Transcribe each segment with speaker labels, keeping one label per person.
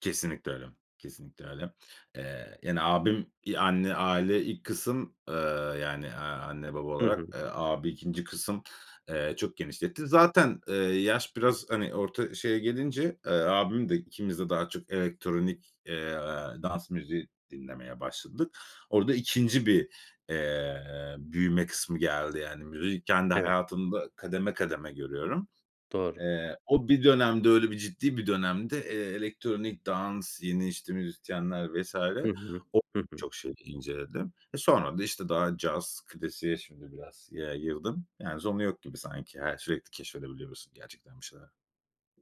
Speaker 1: Kesinlikle öyle. Kesinlikle öyle. Eee, yani, abim, iii, anne, aile, ilk kısım, ııı, yani, eee, anne baba
Speaker 2: Hı
Speaker 1: olarak,
Speaker 2: hı.
Speaker 1: eee, abi 2. kısım, eee, çok genişletti. Zaten, eee, yaş biraz, hani, orta şeye gelince, eee, abim de, ikimiz de daha çok elektronik, eee, dans müziği dinlemeye başladık. Orada 2. bir, eee, büyüme kısmı geldi. Yani, müziği kendi
Speaker 2: Evet.
Speaker 1: hayatımda kademe kademe görüyorum.
Speaker 2: Doğru.
Speaker 1: Eee, o bir dönemde, öyle bir ciddi bir dönemde, eee, elektronik dans, yeni, işte, müzisyenler vs.
Speaker 2: Hı hı.
Speaker 1: O
Speaker 2: Hı hı.
Speaker 1: çok şey inceledim. Eee, sonra da, işte, daha caz klasiğe şimdi biraz yayıldım. Yani, sonu yok gibi sanki, her şey keşfedebiliyorsun, gerçekten bir şeyler.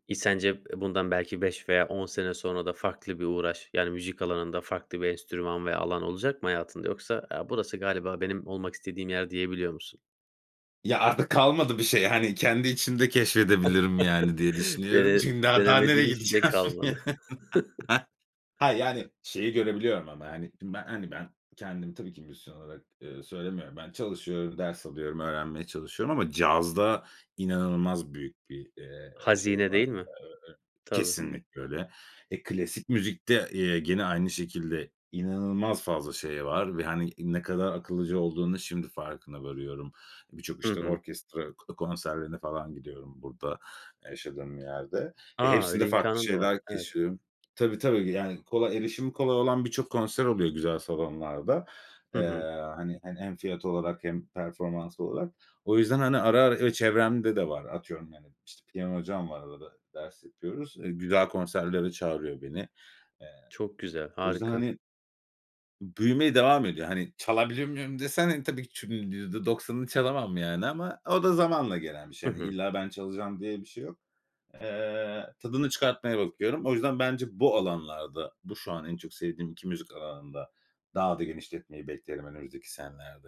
Speaker 2: İ sence bundan belki 5 veya 10 sene sonra da farklı bir uğraş, yani, müzik alanında farklı bir enstrüman ve alan olacak mı hayatında yoksa, "Ya, burası galiba benim olmak istediğim yer." diyebiliyor musun?
Speaker 1: Ya, artık kalmadı bir şey, hani, kendi içimde keşfedebilirim, yani, diye düşünüyorum.
Speaker 2: Dene
Speaker 1: Çünkü daha daha nereye
Speaker 2: denemediğin hiçbir şey
Speaker 1: gideceğim?
Speaker 2: kalmadı.
Speaker 1: Ha, yani, şeyi görebiliyorum ama, hani, şimdi ben, hani, ben kendim, tabii ki müzisyen olarak, ııı, söylemiyorum. Ben çalışıyorum, ders alıyorum, öğrenmeye çalışıyorum ama cazda inanılmaz büyük bir, eee, şey
Speaker 2: Hazine
Speaker 1: var.
Speaker 2: değil mi?
Speaker 1: Eee,
Speaker 2: Tabii.
Speaker 1: kesinlikle öyle. Eee, klasik müzikte, eee, gene aynı şekilde inanılmaz fazla şey var ve, hani, ne kadar akıllıca olduğunu şimdi farkına varıyorum. Birçok,
Speaker 2: Hı
Speaker 1: işte,
Speaker 2: hı.
Speaker 1: orkestra k konserlerine falan gidiyorum burada yaşadığım yerde ve
Speaker 2: A,
Speaker 1: hepsinde
Speaker 2: öyle
Speaker 1: farklı
Speaker 2: imkânın da var.
Speaker 1: şeyler
Speaker 2: Evet.
Speaker 1: keşfediyorum. Tabii, tabii, yani, kolay, erişimi kolay olan birçok konser oluyor güzel salonlarda.
Speaker 2: Hı
Speaker 1: Eee,
Speaker 2: hı.
Speaker 1: hani hani, hem fiyat olarak hem performans olarak. O yüzden, hani, ara ara, eee, çevremde de var. Atıyorum, yani, işte, piyano hocam var, arada ders yapıyoruz. Eee, güzel konserlere çağırıyor beni. Eee,
Speaker 2: Çok güzel,
Speaker 1: o yüzden,
Speaker 2: harika.
Speaker 1: hani, büyümeye devam ediyor. Hani, çalabiliyor muyum desen, hani, tabii ki çü %90'ını çalamam, yani, ama o da zamanla gelen bir
Speaker 2: Hı
Speaker 1: şey. Hani,
Speaker 2: hı.
Speaker 1: illa ben çalacağım diye bir şey yok. Eee, tadını çıkartmaya bakıyorum. O yüzden bence bu alanlarda, bu şu an en çok sevdiğim 2 müzik alanında daha da genişletmeyi beklerim önümüzdeki senelerde.